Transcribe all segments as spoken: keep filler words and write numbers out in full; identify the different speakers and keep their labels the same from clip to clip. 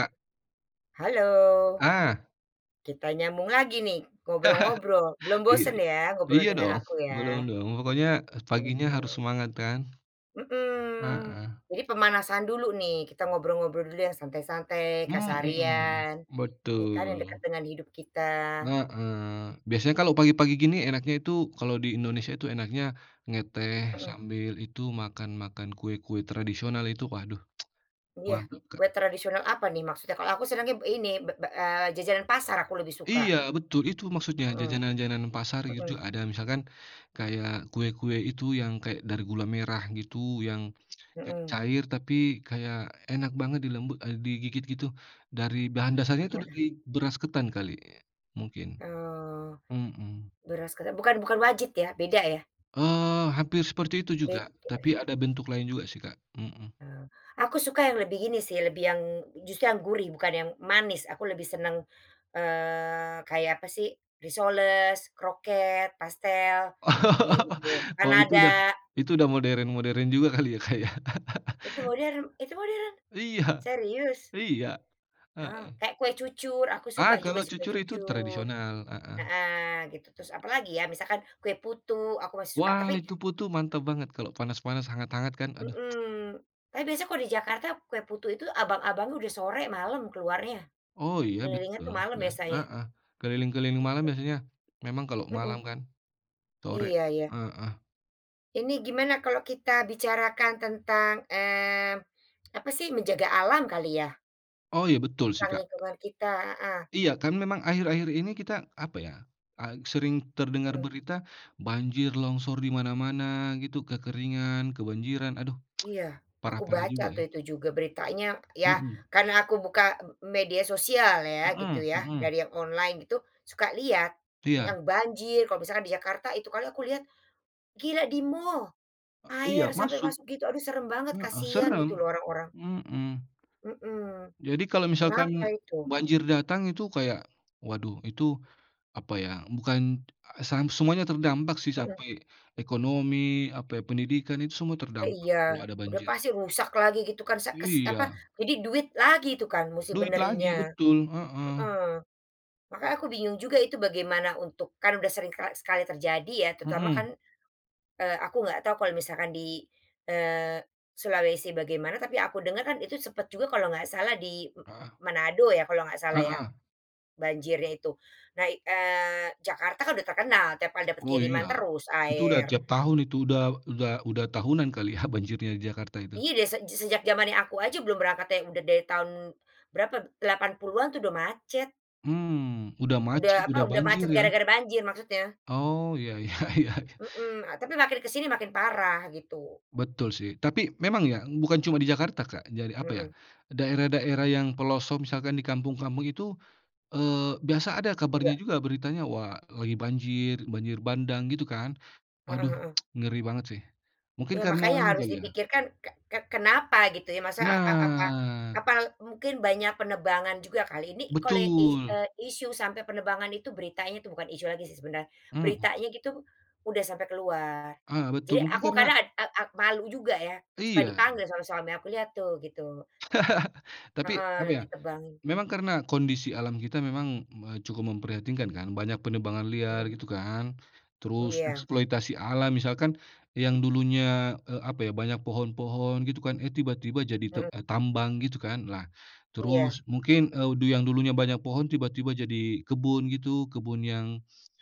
Speaker 1: Kak.
Speaker 2: Halo.
Speaker 1: Ah.
Speaker 2: Kita nyambung lagi nih ngobrol-ngobrol belum
Speaker 1: Iya,
Speaker 2: bosen ya ngobrol
Speaker 1: iya
Speaker 2: dengan
Speaker 1: dong
Speaker 2: aku
Speaker 1: belum
Speaker 2: ya?
Speaker 1: dong pokoknya
Speaker 2: Belum
Speaker 1: paginya harus
Speaker 2: dong.
Speaker 1: semangat kan.
Speaker 2: Mhm,
Speaker 1: Heeh.
Speaker 2: jadi pemanasan dulu nih kita ngobrol ngobrol dulu ya santai-santai
Speaker 1: Mhm,
Speaker 2: keseharian, ya kan yang dekat
Speaker 1: betul.
Speaker 2: dengan hidup kita.
Speaker 1: Heeh, biasanya kalau pagi-pagi gini enaknya itu kalau di Indonesia itu enaknya ngeteh
Speaker 2: Mhm.
Speaker 1: sambil itu makan makan kue-kue tradisional itu waduh,
Speaker 2: Iya
Speaker 1: mantap Kak.
Speaker 2: kue tradisional apa nih maksudnya? Kalau aku senangnya ini be be eee, jajanan pasar aku lebih
Speaker 1: Iya
Speaker 2: suka.
Speaker 1: betul itu maksudnya
Speaker 2: Mhm.
Speaker 1: jajanan jajanan pasar gitu
Speaker 2: Mhm.
Speaker 1: ada misalkan kayak, kue-kue itu yang kayak dari gula merah gitu yang, kayak
Speaker 2: Mhm.
Speaker 1: cair tapi kayak enak banget dilembut, eee, digigit gitu dari bahan dasarnya itu dari
Speaker 2: Heeh.
Speaker 1: beras ketan kali, mungkin,
Speaker 2: Oh.
Speaker 1: mhm.
Speaker 2: Beras ketan bukan bukan wajit ya beda ya?
Speaker 1: Eee, hampir seperti itu juga
Speaker 2: Beda ya.
Speaker 1: tapi ada bentuk lain juga sih Kak, mhm.
Speaker 2: Oh, aku suka yang lebih gini sih lebih yang justru yang gurih bukan yang manis aku lebih senang, eee, kayak apa sih risoles, kroket, pastel, kayak gitu,
Speaker 1: Oh itu udah,
Speaker 2: panada.
Speaker 1: itu udah modern modern juga kali ya Kak ya.
Speaker 2: Itu modern Itu modern?
Speaker 1: Iya,
Speaker 2: Serius?
Speaker 1: iya,
Speaker 2: Ah,
Speaker 1: heeh.
Speaker 2: kayak kue cucur aku suka
Speaker 1: Ah,
Speaker 2: juga
Speaker 1: kalo
Speaker 2: sih kue
Speaker 1: cucur itu
Speaker 2: cucur,
Speaker 1: tradisional, heeh.
Speaker 2: heeh, gitu terus apalagi ya? Misalkan kue putu aku masih suka
Speaker 1: Wah
Speaker 2: tapi
Speaker 1: itu putu mantep banget kalo panas-panas hangat-hangat kan aduh.
Speaker 2: Mhm, tapi biasanya kalau di Jakarta kue putu itu abang-abangnya udah sore malem keluarnya,
Speaker 1: Oh iya
Speaker 2: kelilingnya itu
Speaker 1: betul
Speaker 2: malem
Speaker 1: gas,
Speaker 2: biasanya.
Speaker 1: heeh, keliling-keliling malam
Speaker 2: Gitu.
Speaker 1: biasanya, memang kalo malam
Speaker 2: Mhm.
Speaker 1: kan, sore,
Speaker 2: Iya ya.
Speaker 1: heeh.
Speaker 2: Ini gimana kalau kita bicarakan tentang, eee, apa sih menjaga alam kali ya?
Speaker 1: Oh iya betul sih
Speaker 2: Tentang
Speaker 1: Kak.
Speaker 2: lingkungan kita heeh.
Speaker 1: Iya kan memang akhir-akhir ini kita apa ya, eee, sering terdengar
Speaker 2: Mhm.
Speaker 1: berita, banjir longsor di mana-mana gitu kekeringan kebanjiran aduh,
Speaker 2: Iya aku
Speaker 1: parah-parah
Speaker 2: baca
Speaker 1: juga ya.
Speaker 2: tuh itu juga beritanya ya
Speaker 1: Mhm.
Speaker 2: karena aku buka media sosial ya gitu
Speaker 1: Mhm
Speaker 2: ya
Speaker 1: mhm.
Speaker 2: dari yang online gitu, suka lihat,
Speaker 1: Iya.
Speaker 2: yang banjir kalau misalnya di Jakarta itu kalau aku lihat, gila di mall,
Speaker 1: E oh iya
Speaker 2: air sampai
Speaker 1: masuk,
Speaker 2: masuk gitu aduh serem banget
Speaker 1: heeh,
Speaker 2: kasihan
Speaker 1: serem,
Speaker 2: gitu loh orang-orang.
Speaker 1: mhm.
Speaker 2: Mhm,
Speaker 1: Jadi kalau
Speaker 2: kenapa
Speaker 1: misalkan
Speaker 2: itu?
Speaker 1: banjir datang itu kayak, waduh itu, apa ya bukan, eee, sang semuanya terdampak sih
Speaker 2: Mhm.
Speaker 1: sampai, ekonomi apa ya pendidikan itu semua
Speaker 2: Ya
Speaker 1: terdampak
Speaker 2: iya
Speaker 1: kalo ada
Speaker 2: udah
Speaker 1: banjir.
Speaker 2: pasti rusak lagi gitu kan sek kes apa
Speaker 1: Iya.
Speaker 2: jadi duit lagi itu kan musti
Speaker 1: Duit lagi
Speaker 2: benerinnya
Speaker 1: betul, heeh.
Speaker 2: heeh, makanya aku bingung juga itu bagaimana untuk kan udah sering kali sekali terjadi ya terutama kan,
Speaker 1: Mhm.
Speaker 2: eee, aku nggak tahu kalau misalkan di, eee, Sulawesi bagaimana tapi aku dengar kan itu sempat juga kalau nggak salah di,
Speaker 1: Heeh.
Speaker 2: Manado ya kalau nggak salah ya,
Speaker 1: Heeh.
Speaker 2: banjirnya itu nah, eee, Jakarta kan udah terkenal tiap kali dapat
Speaker 1: Oh
Speaker 2: kiriman
Speaker 1: iya,
Speaker 2: terus
Speaker 1: itu udah
Speaker 2: air.
Speaker 1: tiap tahun itu udah udah udah tahunan kali ya banjirnya di Jakarta itu.
Speaker 2: Iya dari sej sejak jamannya aku aja belum berangkat te udah dari tahun berapa delapan puluhan tuh udah macet.
Speaker 1: Mmm, udah macet
Speaker 2: Udah
Speaker 1: udah
Speaker 2: apa udah
Speaker 1: banjir
Speaker 2: macet
Speaker 1: ya.
Speaker 2: gara-gara banjir maksudnya.
Speaker 1: Oh ya ya ya.
Speaker 2: Mhm, a tapi makin ke sini makin parah gitu.
Speaker 1: Betul sih tapi memang ya bukan cuma di Jakarta Kak jadi apa ya,
Speaker 2: Mhm.
Speaker 1: daerah daerah yang pelosok misalkan di kampung-kampung itu, eee, biasa ada kabarnya
Speaker 2: Juga.
Speaker 1: juga beritanya wah lagi banjir banjir bandang gitu kan
Speaker 2: Heeh
Speaker 1: waduh,
Speaker 2: heeh.
Speaker 1: ngeri banget sih, mungkin
Speaker 2: Ya
Speaker 1: karena
Speaker 2: makanya
Speaker 1: anu
Speaker 2: harus
Speaker 1: kali ya.
Speaker 2: dipikirkan ke ke kenapa gitu ya masa a a apa
Speaker 1: Nah.
Speaker 2: apa mungkin banyak penebangan juga kali ini kalau i e
Speaker 1: Betul.
Speaker 2: isu sampai penebangan itu beritanya tuh bukan isu lagi sih sebenarnya,
Speaker 1: Mhm.
Speaker 2: beritanya gitu udah sampai keluar,
Speaker 1: Ah, betul
Speaker 2: jadi
Speaker 1: mungkin
Speaker 2: aku
Speaker 1: karena
Speaker 2: kadang ak ak malu juga ya, suka
Speaker 1: Iya.
Speaker 2: dipanggil soalnya sama suami aku, "Lihat tuh," gitu.
Speaker 1: Tapi apa
Speaker 2: Heeh,
Speaker 1: ya,
Speaker 2: ditebangin.
Speaker 1: memang karena kondisi alam kita memang me cukup memprihatinkan kan banyak penebangan liar
Speaker 2: Mhm.
Speaker 1: gitu kan, terus
Speaker 2: Iya.
Speaker 1: eksploitasi alam misalkan, yang dulunya, eee, apa ya banyak pohon-pohon gitu kan, eh, tiba-tiba jadi tu
Speaker 2: Mhm.
Speaker 1: tambang gitu kan lah
Speaker 2: Iya.
Speaker 1: terus mungkin, eee, yang dulunya banyak pohon tiba-tiba jadi kebun gitu kebun yang,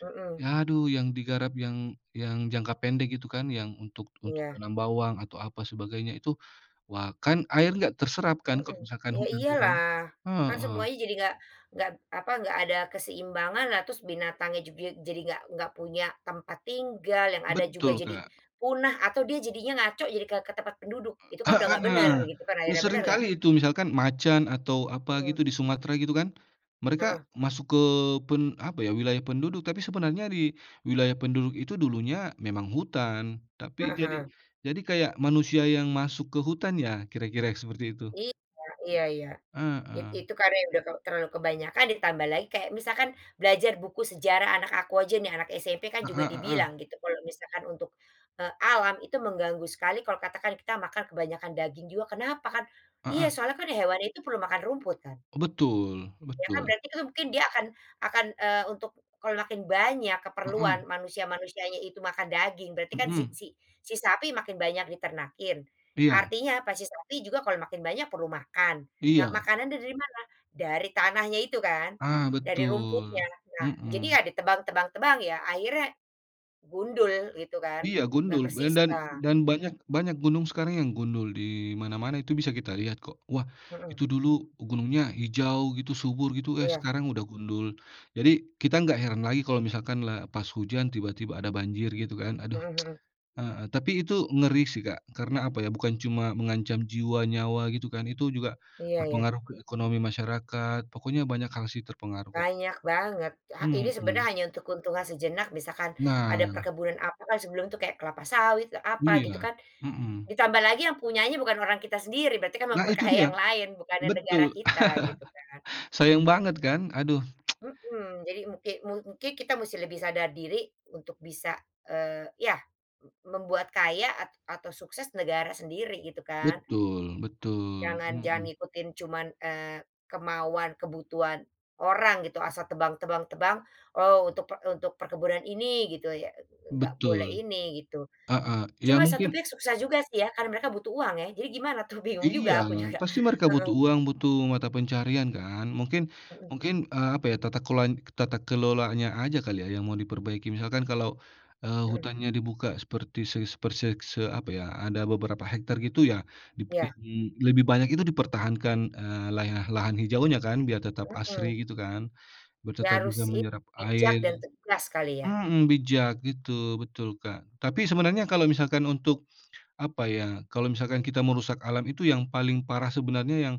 Speaker 2: Mhm.
Speaker 1: ya aduh yang digarap yang yang jangka pendek gitu kan yang untuk untuk
Speaker 2: Iya.
Speaker 1: menanam bawang atau apa sebagainya itu, wah kan air nggak terserap kan kalau
Speaker 2: Heeh,
Speaker 1: misalkan
Speaker 2: ya
Speaker 1: hujan turun,
Speaker 2: iyalah, kan
Speaker 1: heeh.
Speaker 2: semuanya jadi nggak nggak apa nggak ada keseimbangan lah terus binatangnya juga jadi nggak nggak punya tempat tinggal yang ada juga
Speaker 1: Betul
Speaker 2: jadi,
Speaker 1: kak.
Speaker 2: punah atau dia jadinya ngaco jadi ke ke tempat penduduk itu kan udah
Speaker 1: Heeh
Speaker 2: nggak bener
Speaker 1: nah,
Speaker 2: gitu kan akhirnya bener
Speaker 1: seringkali
Speaker 2: gak?
Speaker 1: itu misalkan macan atau apa gitu
Speaker 2: Mhm.
Speaker 1: di Sumatera gitu kan, mereka
Speaker 2: Heeh.
Speaker 1: masuk ke pen apa ya wilayah penduduk tapi sebenarnya di wilayah penduduk itu dulunya memang hutan tapi
Speaker 2: Heeh
Speaker 1: jadi
Speaker 2: heeh.
Speaker 1: jadi kayak manusia yang masuk ke hutan ya kira-kira seperti itu.
Speaker 2: Iya iya iya it
Speaker 1: Heeh.
Speaker 2: itu karena udah terlalu kebanyakan ditambah lagi kayak misalkan belajar buku sejarah anak aku aja nih anak SMP kan juga
Speaker 1: Heeh heeh.
Speaker 2: dibilang gitu kalau misalkan untuk, eee, alam itu mengganggu sekali kalau katakan kita makan kebanyakan daging juga kenapa kan? Iya
Speaker 1: Heeh.
Speaker 2: soalnya kan hewan itu perlu makan rumput kan.
Speaker 1: Betul
Speaker 2: Iya kan
Speaker 1: betul.
Speaker 2: berarti itu mungkin dia akan akan, eee, untuk kalau makin banyak keperluan
Speaker 1: Heeh.
Speaker 2: manusia-manusianya itu makan daging berarti kan si
Speaker 1: Mhm.
Speaker 2: si si sapi makin banyak diternakin,
Speaker 1: Iya.
Speaker 2: artinya pas si sapi juga kalau makin banyak perlu makan, nah
Speaker 1: Iya.
Speaker 2: makanannya dari mana? Dari tanahnya itu kan,
Speaker 1: Ah,
Speaker 2: dari rumputnya.
Speaker 1: betul,
Speaker 2: Nah jadi
Speaker 1: mhm.
Speaker 2: ya ditebang tebang tebang ya akhirnya, gundul gitu kan
Speaker 1: Iya
Speaker 2: nggak
Speaker 1: gundul dan
Speaker 2: bersisa.
Speaker 1: dan banyak banyak gunung sekarang yang gundul di mana-mana itu bisa kita lihat kok wah
Speaker 2: Mhm.
Speaker 1: itu dulu gunungnya hijau gitu subur gitu, eh,
Speaker 2: Iya.
Speaker 1: sekarang udah gundul jadi kita nggak heran lagi kalau misalkan la pas hujan tiba-tiba ada banjir gitu kan aduh,
Speaker 2: Mhm mhm.
Speaker 1: heeh, tapi itu ngeri sih Kak karena apa ya bukan cuma mengancam jiwa nyawa gitu kan itu juga,
Speaker 2: Iya ya.
Speaker 1: berpengaruh ke ekonomi masyarakat pokoknya banyak hal sih terpengaruh Kak.
Speaker 2: Banyak banget ha ini sebenarnya
Speaker 1: Mhm.
Speaker 2: hanya untuk keuntungan sejenak misalkan, ada
Speaker 1: Nah.
Speaker 2: perkebunan apa sebelum itu kayak kelapa sawit apa gitu
Speaker 1: Iya,
Speaker 2: kan,
Speaker 1: mhm.
Speaker 2: ditambah lagi yang punyanya bukan orang kita sendiri berarti kan
Speaker 1: Nah itu
Speaker 2: memperkaya
Speaker 1: dia,
Speaker 2: yang lain bukannya negara
Speaker 1: betul
Speaker 2: kita gitu kan.
Speaker 1: sayang banget kan aduh.
Speaker 2: Mhm, jadi mungkin mu mungkin kita mesti lebih sadar diri untuk bisa, eee, ya m membuat kaya a atau sukses negara sendiri gitu kan.
Speaker 1: Betul betul,
Speaker 2: Jangan jangan
Speaker 1: mhm.
Speaker 2: ikutin cuman, eee, kemauan kebutuhan, orang gitu asal tebang tebang tebang oh untuk pe untuk perkebunan ini gitu ya, nggak boleh
Speaker 1: Betul,
Speaker 2: ini gitu,
Speaker 1: heeh, ya
Speaker 2: cuma satu
Speaker 1: mungkin
Speaker 2: pihak susah juga sih ya karena mereka butuh uang ya jadi gimana tuh? Bingung juga
Speaker 1: Iya,
Speaker 2: aku juga,
Speaker 1: pasti mereka butuh
Speaker 2: heeh.
Speaker 1: uang butuh mata pencaharian kan mungkin
Speaker 2: Mhm.
Speaker 1: mungkin, eee, apa ya tata keloan tata kelolanya aja kali ya yang mau diperbaiki misalkan, kalau, eee,
Speaker 2: Mhm.
Speaker 1: hutannya dibuka seperti se seperse se apa ya ada beberapa hektar gitu ya dipe di
Speaker 2: Ya.
Speaker 1: mmm, lebih banyak itu dipertahankan, eee, lah lahan hijaunya kan biar tetap
Speaker 2: Mhm.
Speaker 1: asri gitu kan, biar
Speaker 2: Ya
Speaker 1: tetap bisa
Speaker 2: harus ini
Speaker 1: menyerap air,
Speaker 2: bijak dan tegas kali ya?
Speaker 1: mhm, bijak gitu betul Kak tapi sebenarnya kalau misalkan untuk, apa ya kalau misalkan kita merusak alam itu yang paling parah sebenarnya yang,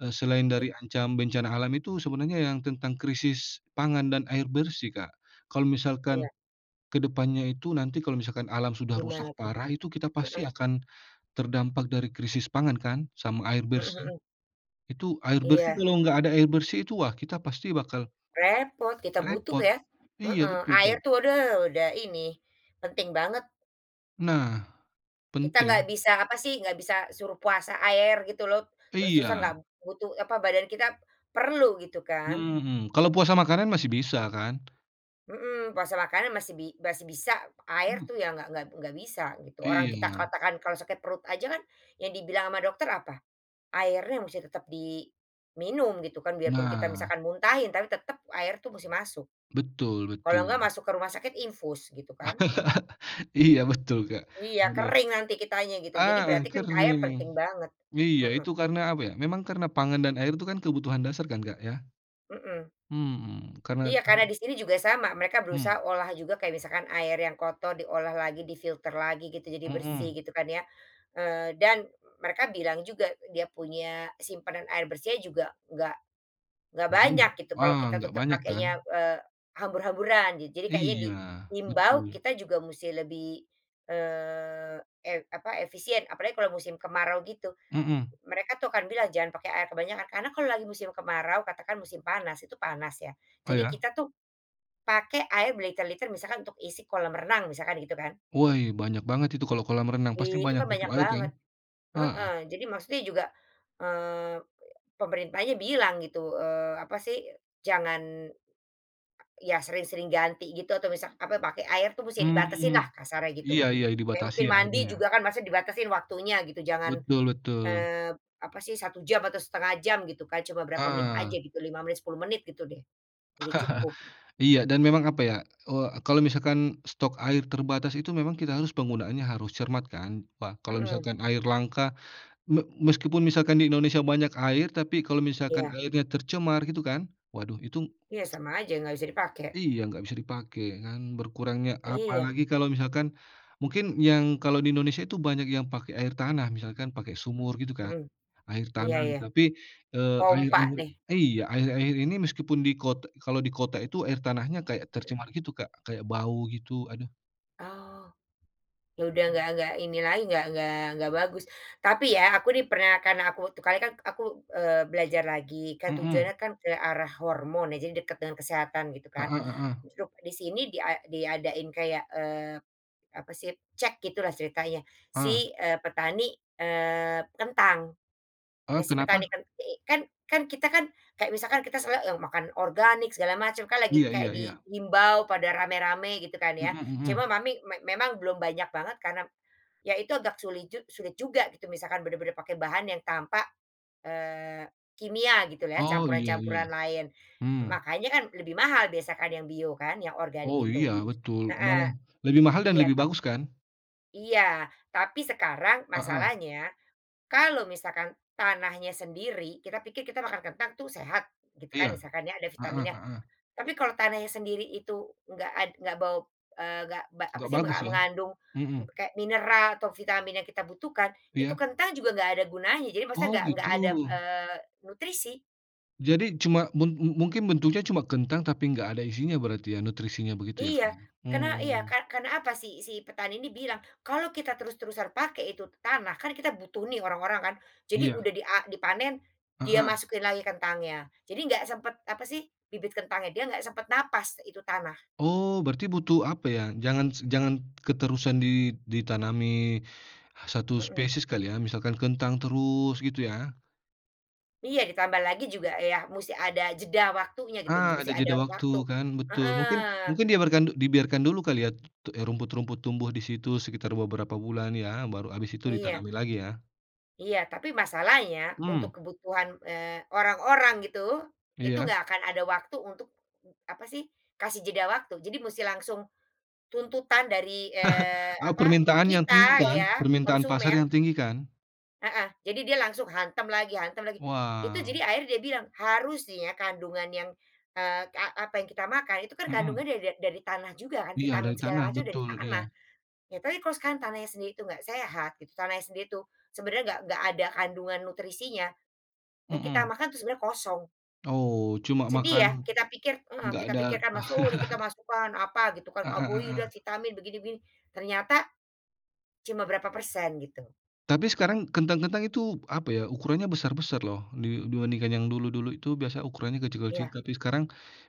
Speaker 1: eee, selain
Speaker 2: Git
Speaker 1: dari ancam bencana alam itu sebenarnya yang tentang krisis pangan dan air bersih Kak, kalau misalkan,
Speaker 2: Iya.
Speaker 1: ke depannya itu nanti kalau misalkan alam sudah rusak
Speaker 2: Gimana tuh?
Speaker 1: parah itu kita pasti
Speaker 2: heeh.
Speaker 1: akan, terdampak dari krisis pangan kan sama air
Speaker 2: Mhm
Speaker 1: bersih,
Speaker 2: mhm.
Speaker 1: itu air bersih
Speaker 2: Iya.
Speaker 1: kalau nggak ada air bersih itu wah kita pasti bakal
Speaker 2: Repot kita butuh
Speaker 1: repot,
Speaker 2: ya,
Speaker 1: iya
Speaker 2: heeh,
Speaker 1: betul
Speaker 2: air
Speaker 1: Kak.
Speaker 2: tuh udah udah ini penting banget.
Speaker 1: Nah,
Speaker 2: Kita nggak
Speaker 1: penting.
Speaker 2: bisa apa sih nggak bisa suruh puasa air gitu loh, terus-terusan
Speaker 1: Iya.
Speaker 2: nggak butuh apa badan kita perlu gitu kan.
Speaker 1: Mhm mhm, kalau puasa makanan masih bisa kan?
Speaker 2: Mhm, puasa makanan masih bi masih bisa air
Speaker 1: Mmm.
Speaker 2: tuh ya nggak nggak nggak bisa gitu orang kita
Speaker 1: Iya.
Speaker 2: katakan kalau sakit perut aja kan, yang dibilang sama dokter apa? Airnya mesti tetap diminum gitu kan biarpun kita
Speaker 1: Nah.
Speaker 2: misalkan muntahin tapi tetap air itu musti masuk,
Speaker 1: Betul
Speaker 2: kalau enggak
Speaker 1: betul.
Speaker 2: masuk ke rumah sakit infus gitu kan.
Speaker 1: Iya betul Kak.
Speaker 2: Iya
Speaker 1: Aduh.
Speaker 2: kering nanti kitanya gitu jadi
Speaker 1: Ah hah,
Speaker 2: berarti kan air
Speaker 1: kering,
Speaker 2: penting banget.
Speaker 1: iya
Speaker 2: Heeh.
Speaker 1: itu karena apa ya memang karena pangan dan air itu kan kebutuhan dasar kan Kak ya?
Speaker 2: Mhm.
Speaker 1: Mhm, karena
Speaker 2: Iya
Speaker 1: kan
Speaker 2: karena di sini juga sama mereka
Speaker 1: Hmm.
Speaker 2: berusaha olah juga kayak misalkan air yang kotor diolah lagi di-filter lagi gitu jadi bersih
Speaker 1: Mhm.
Speaker 2: gitu kan ya, eee, dan, mereka bilang juga dia punya simpanan air bersihnya juga nggak, nggak
Speaker 1: Nggak banyak,
Speaker 2: banyak gitu kalau
Speaker 1: wah
Speaker 2: kita
Speaker 1: nggak
Speaker 2: tetap
Speaker 1: banyak kan?
Speaker 2: pakainya, eee, hambur-hamburan ja jadi kayaknya
Speaker 1: Iya
Speaker 2: diimbau
Speaker 1: betul.
Speaker 2: kita juga musti lebih, eee eee, apa efisien apalagi kalau musim kemarau gitu,
Speaker 1: Mhm.
Speaker 2: mereka tuh akan bilang jangan pakai air kebanyakan karena kalau lagi musim kemarau katakan musim panas itu panas ya,
Speaker 1: Oh
Speaker 2: jadi
Speaker 1: ya.
Speaker 2: kita tuh, pakai air berliter-liter misalkan untuk isi kolam renang misalkan gitu kan.
Speaker 1: Woi banyak banget itu kalau kolam renang pasti
Speaker 2: I itu
Speaker 1: banyak
Speaker 2: kan
Speaker 1: butuh
Speaker 2: banyak
Speaker 1: air kan,
Speaker 2: banget,
Speaker 1: heeh.
Speaker 2: heeh, jadi maksudnya juga, eee, pemerintahnya bilang gitu, eee, apa sih jangan Ya sering-sering ganti gitu atau misal apa pakai air tuh musti dibatasin
Speaker 1: Mmm,
Speaker 2: lah kasarnya gitu,
Speaker 1: iya iya,
Speaker 2: kayak
Speaker 1: dibatasi
Speaker 2: mungkin mandi
Speaker 1: airnya.
Speaker 2: juga kan maksudnya dibatasin waktunya gitu jangan,
Speaker 1: Betul betul
Speaker 2: eee, apa sih satu jam atau setengah jam gitu kan cuma berapa menit aja
Speaker 1: Ah.
Speaker 2: gitu lima menit sepuluh menit gitu deh, udah cukup.
Speaker 1: Iya dan memang apa ya, eee, kalau misalkan stok air terbatas itu memang kita harus penggunaannya harus cermat kan, ka kalau
Speaker 2: Mhm.
Speaker 1: misalkan air langka me meskipun misalkan di Indonesia banyak air tapi kalau misalkan
Speaker 2: Iya.
Speaker 1: airnya tercemar gitu kan waduh itu.
Speaker 2: Iya sama aja nggak bisa dipakai.
Speaker 1: Iya nggak bisa dipake kan berkurangnya
Speaker 2: Iya.
Speaker 1: apalagi kalau misalkan, mungkin yang kalau di Indonesia itu banyak yang pakai air tanah misalkan pakai sumur gitu kan,
Speaker 2: Mhm,
Speaker 1: air
Speaker 2: iya
Speaker 1: tanah
Speaker 2: ya,
Speaker 1: tapi, eee, air
Speaker 2: pompa
Speaker 1: air
Speaker 2: deh.
Speaker 1: iya air air ini meskipun di kot kalau di kota itu air tanahnya kayak tercemar gitu Kak kayak bau gitu aduh.
Speaker 2: Oh, ya udah nggak nggak ini lagi nggak nggak nggak bagus tapi ya aku di pernah kan aku waktu kali kan aku, eee, belajar lagi kan
Speaker 1: Mhm.
Speaker 2: tujuannya kan ke arah hormon ya jadi dekat dengan kesehatan gitu kan,
Speaker 1: Heeh heeh.
Speaker 2: di sini dia diadain kayak, eee, apa sih cek gitu lah ceritanya
Speaker 1: Ah.
Speaker 2: si, eee, petani, eee, kentang,
Speaker 1: Eee,
Speaker 2: nah si petani
Speaker 1: kenapa?
Speaker 2: kentang ini kan kan kita kan kayak misalkan kita seneng makan organik segala macam kan lagi
Speaker 1: Iya
Speaker 2: kayak
Speaker 1: iya
Speaker 2: di
Speaker 1: iya.
Speaker 2: himbau pada rame-rame gitu kan
Speaker 1: Mhm
Speaker 2: ya, cuma
Speaker 1: mhm.
Speaker 2: mami me memang belum banyak banget karena. Ya itu agak suli jug sulit juga gitu misalkan benar-benar pakai bahan yang tanpa, eee, kimia gitu lah ya
Speaker 1: Oh iya iya,
Speaker 2: campuran-campuran lain,
Speaker 1: mhm.
Speaker 2: makanya kan lebih mahal biasanya kan yang bio kan yang organik
Speaker 1: Oh
Speaker 2: itu,
Speaker 1: iya betul
Speaker 2: heeh,
Speaker 1: malah lebih mahal dan
Speaker 2: iya
Speaker 1: lebih
Speaker 2: kan.
Speaker 1: bagus kan?
Speaker 2: Iya tapi sekarang
Speaker 1: Heeh.
Speaker 2: masalahnya, kalau misalkan tanahnya sendiri kita pikir kita makan kentang itu sehat, gitukan
Speaker 1: Iya,
Speaker 2: misalkan ya ada
Speaker 1: heeh
Speaker 2: vitaminnya,
Speaker 1: heeh.
Speaker 2: tapi kalau tanahnya sendiri itu nggak ad nggak bau, eee, nggak ba apa
Speaker 1: Nggak
Speaker 2: sih
Speaker 1: bagus
Speaker 2: menga
Speaker 1: ya?
Speaker 2: mengandung
Speaker 1: Mhm.
Speaker 2: kayak mineral atau vitamin yang kita butuhkan itu
Speaker 1: Iya.
Speaker 2: kentang juga nggak ada gunanya jadi maksudnya
Speaker 1: Oh
Speaker 2: nggak nggak ada,
Speaker 1: gitu?
Speaker 2: eee, nutrisi.
Speaker 1: Jadi cuma mu mu mu mungkin bentuknya cuma kentang tapi nggak ada isinya berarti ya nutrisinya begitu ya Kak
Speaker 2: Iya
Speaker 1: ya?
Speaker 2: karena iya
Speaker 1: Mmm.
Speaker 2: kar karena apa si si petani ini bilang kalau kita terus-terusan pakai itu tanah kan kita butuh nih orang-orang kan, jadi
Speaker 1: Iya.
Speaker 2: udah dia dipanen dia
Speaker 1: Heeh.
Speaker 2: masukin lagi kentangnya jadi nggak sempet apa sih bibit kentangnya dia nggak sempat napas itu tanah.
Speaker 1: Oh berarti butuh apa ya jangan jangan keterusan di ditanami satu
Speaker 2: Mhm.
Speaker 1: spesies kali ya misalkan kentang terus gitu ya.
Speaker 2: Iya ditambah lagi juga ya musti ada jeda waktunya gitu loh
Speaker 1: Ah, ada
Speaker 2: musti ada
Speaker 1: jeda waktu
Speaker 2: waktu,
Speaker 1: kan betul mungkin
Speaker 2: heeh.
Speaker 1: mungkin dibiarkan dibiarkan dulu kali ya rumput-rumput tumbuh di situ sekitar beberapa bulan ya baru habis itu
Speaker 2: Iya.
Speaker 1: ditanami lagi ya.
Speaker 2: Iya tapi masalahnya untuk
Speaker 1: Mmm.
Speaker 2: kebutuhan, eee, orang-orang gitu, itu
Speaker 1: Iya.
Speaker 2: enggak akan ada waktu untuk apa sih? Kasih jeda waktu jadi musti langsung tuntutan dari, eee,
Speaker 1: Ah,
Speaker 2: apa,
Speaker 1: permintaan yang
Speaker 2: kita
Speaker 1: tinggi
Speaker 2: ya
Speaker 1: kan permintaan pasar
Speaker 2: konsumen.
Speaker 1: yang tinggi kan.
Speaker 2: Heeh, jadi dia langsung hantam lagi hantam lagi, itu
Speaker 1: Wah.
Speaker 2: jadi akhirnya dia bilang harusnya kandungan yang, eee, a apa yang kita makan itu kan
Speaker 1: Mhm.
Speaker 2: kandungannya da dari tanah juga kan
Speaker 1: Iya
Speaker 2: vitamin
Speaker 1: dari
Speaker 2: segala
Speaker 1: tanah
Speaker 2: macam udah di
Speaker 1: betul
Speaker 2: tanah
Speaker 1: iya.
Speaker 2: ya, tapi kalo sekarang tanahnya sendiri itu nggak sehat gitu tanahnya sendiri itu sebenarnya nggak nggak ada kandungan nutrisinya, yang kita
Speaker 1: Mhm.
Speaker 2: makan itu sebenernya kosong.
Speaker 1: Oh cuma
Speaker 2: Sedih
Speaker 1: makan,
Speaker 2: ya? Kita pikir heeh,
Speaker 1: nggak
Speaker 2: kita
Speaker 1: ada
Speaker 2: pikir kan masuk kita masukkan, apa gitu kan,
Speaker 1: Heeh
Speaker 2: karbohidrat,
Speaker 1: heeh.
Speaker 2: vitamin, begini begini ternyata, cuma berapa persen gitu.
Speaker 1: Tapi sekarang kentang kentang itu apa ya ukurannya besar-besar loh di dibandingkan yang dulu-dulu itu biasanya ukurannya kecil-kecil
Speaker 2: Iya.
Speaker 1: tapi sekarang,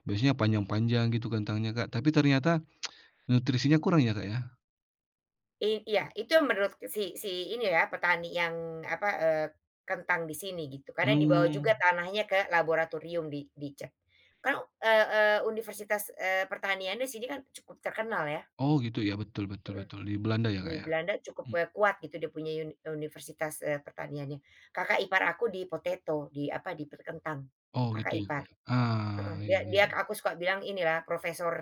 Speaker 1: biasanya panjang-panjang gitu kentangnya Kak tapi ternyata, nutrisinya kurang ya Kak ya?
Speaker 2: I iya itu yang menurut si si ini ya petani yang apa, eee, kentang di sini gitu karena dibawa
Speaker 1: Mmm.
Speaker 2: juga tanahnya ke laboratorium di di cek ke e e universitas, eee, pertaniannya di sini kan cukup terkenal ya.
Speaker 1: Oh gitu ya betul betul
Speaker 2: Mhm,
Speaker 1: betul di Belanda ya
Speaker 2: di
Speaker 1: Kak ya,
Speaker 2: Belanda cukup,
Speaker 1: mmm.
Speaker 2: eee, kuat gitu dia punya uni universitas, eee, pertaniannya, kakak ipar aku di potato di apa di perkentang
Speaker 1: Oh gitu
Speaker 2: kakak
Speaker 1: ya
Speaker 2: ipar,
Speaker 1: Kak ya,
Speaker 2: heeh,
Speaker 1: ah,
Speaker 2: dia
Speaker 1: iya iya
Speaker 2: dia
Speaker 1: iya.
Speaker 2: aku suka bilang ini ya profesor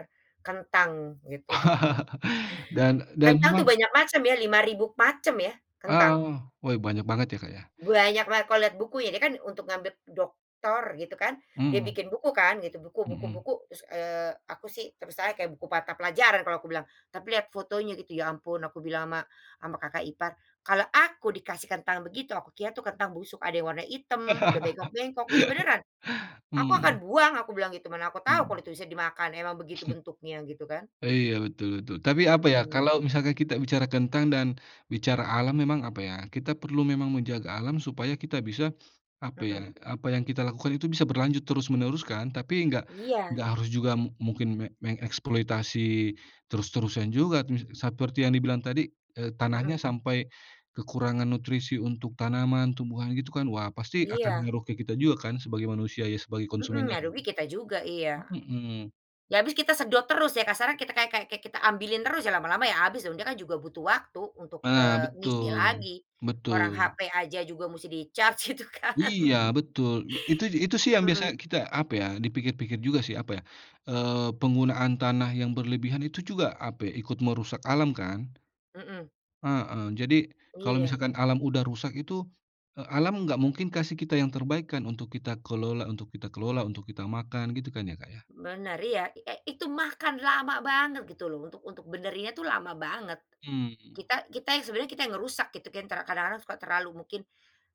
Speaker 2: kentang gitu heeh.
Speaker 1: Dan dan
Speaker 2: Kentang itu
Speaker 1: memang
Speaker 2: banyak macam ya, lima ribu macam ya kentang.
Speaker 1: Ah, weh banyak banget ya Kak ya?
Speaker 2: Banyak banget kalau lihat buku ya kan untuk mengambil doktor gitu kan dia
Speaker 1: Mhm.
Speaker 2: bikin buku kan gitu buku buku
Speaker 1: Mhm.
Speaker 2: buku terus, eee, aku sih terus kayak buku mata pelajaran kalau aku bilang, tapi lihat fotonya gitu ya ampun aku bilang ama ama kakak ipar, "Kalau aku dikasih kentang begitu aku kira itu kentang busuk." Ada yang warna hitam udah bengkok-bengkok iya beneran, aku akan
Speaker 1: Mhm.
Speaker 2: buang aku bilang gitu mana aku tahu
Speaker 1: Mhm.
Speaker 2: kalo itu bisa dimakan emang begitu bentuknya, gitu kan.
Speaker 1: Iya betul betul tapi apa ya
Speaker 2: Mhm.
Speaker 1: kalau misalnya kita bicara kentang dan, bicara alam emang apa ya kita perlu memang menjaga alam supaya kita bisa, apa ya
Speaker 2: Mhm.
Speaker 1: apa yang kita lakukan itu bisa berlanjut terus menerus kan tapi enggak enggak
Speaker 2: Iya.
Speaker 1: harus juga mungkin me mengeksploitasi terus-terusan juga seperti yang dibilang tadi, eee,
Speaker 2: Mhm.
Speaker 1: tanahnya sampai, kekurangan nutrisi untuk tanaman, tumbuhan gitu kan wah pasti akan
Speaker 2: Iya.
Speaker 1: ngaruh ke kita juga kan sebagai manusia ya, sebagai
Speaker 2: Mhm,
Speaker 1: konsumennya
Speaker 2: yang
Speaker 1: kan.
Speaker 2: rugi kita juga iya.
Speaker 1: Mhm.
Speaker 2: Ya habis kita sedot terus ya kasarnya kita kayak kayak kayak kita ambilin terus ya lama-lama ya habis dia kan juga butuh waktu untuk,
Speaker 1: Nah
Speaker 2: eee, ngisi
Speaker 1: betul
Speaker 2: lagi, orang
Speaker 1: betul.
Speaker 2: hape aja juga mesti di-charge gitu kan.
Speaker 1: Iya betul. Itu itu sih yang
Speaker 2: Mhm.
Speaker 1: biasanya kita apa ya dipikir-pikir juga sih apa ya, eee, penggunaan tanah yang berlebihan itu juga apa ikut merusak alam kan,
Speaker 2: Mhm.
Speaker 1: heeh, jadi kalau
Speaker 2: Iya.
Speaker 1: misalkan alam udah rusak itu, eee, alam nggak mungkin kasih kita yang terbaik kan untuk kita kelola untuk kita kelola untuk kita makan gitu kan ya Kak ya.
Speaker 2: Bener iya e itu makan lama banget gitu loh untuk untuk benerinnya tuh lama banget,
Speaker 1: Mmm.
Speaker 2: kita kita yang sebenarnya kita yang ngerusak gitu kan kadang-kadang suka terlalu mungkin,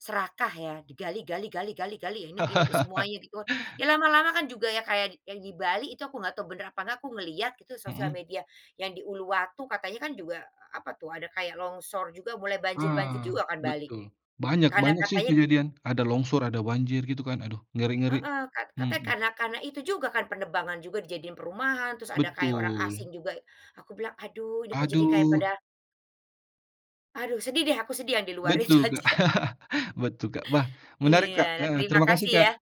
Speaker 2: serakah ya digali gali gali gali ini gini semuanya di got, ya lama-lama kan juga kayak yang di Bali itu aku nggak tahu bener apa aku ngelihat gitu sosial
Speaker 1: Mhm.
Speaker 2: media yang di Uluwatu katanya kan juga apa tuh ada kayak longsor juga mulai banjir banjir
Speaker 1: Wah
Speaker 2: juga kan Bali,
Speaker 1: betul banyak
Speaker 2: karena
Speaker 1: banyak sih
Speaker 2: katanya
Speaker 1: kejadian ada longsor, ada banjir gitu kan aduh ngeri-ngeri,
Speaker 2: Heeh, kat katanya
Speaker 1: mhm.
Speaker 2: karena karena itu juga kan penerbangan juga dijadiin perumahan terus ada kayak orang
Speaker 1: Betul.
Speaker 2: asing juga aku bilang, "Aduh ini kok jadi kayak
Speaker 1: Aduh.
Speaker 2: pada" Aduh sedih deh aku sedih yang di luar itu
Speaker 1: Betul Kak
Speaker 2: aja.
Speaker 1: betul Kak wah menarik
Speaker 2: Iya,
Speaker 1: Kak,
Speaker 2: nah
Speaker 1: heeh,
Speaker 2: terima
Speaker 1: terima kasih
Speaker 2: kasih
Speaker 1: Kak.
Speaker 2: ya.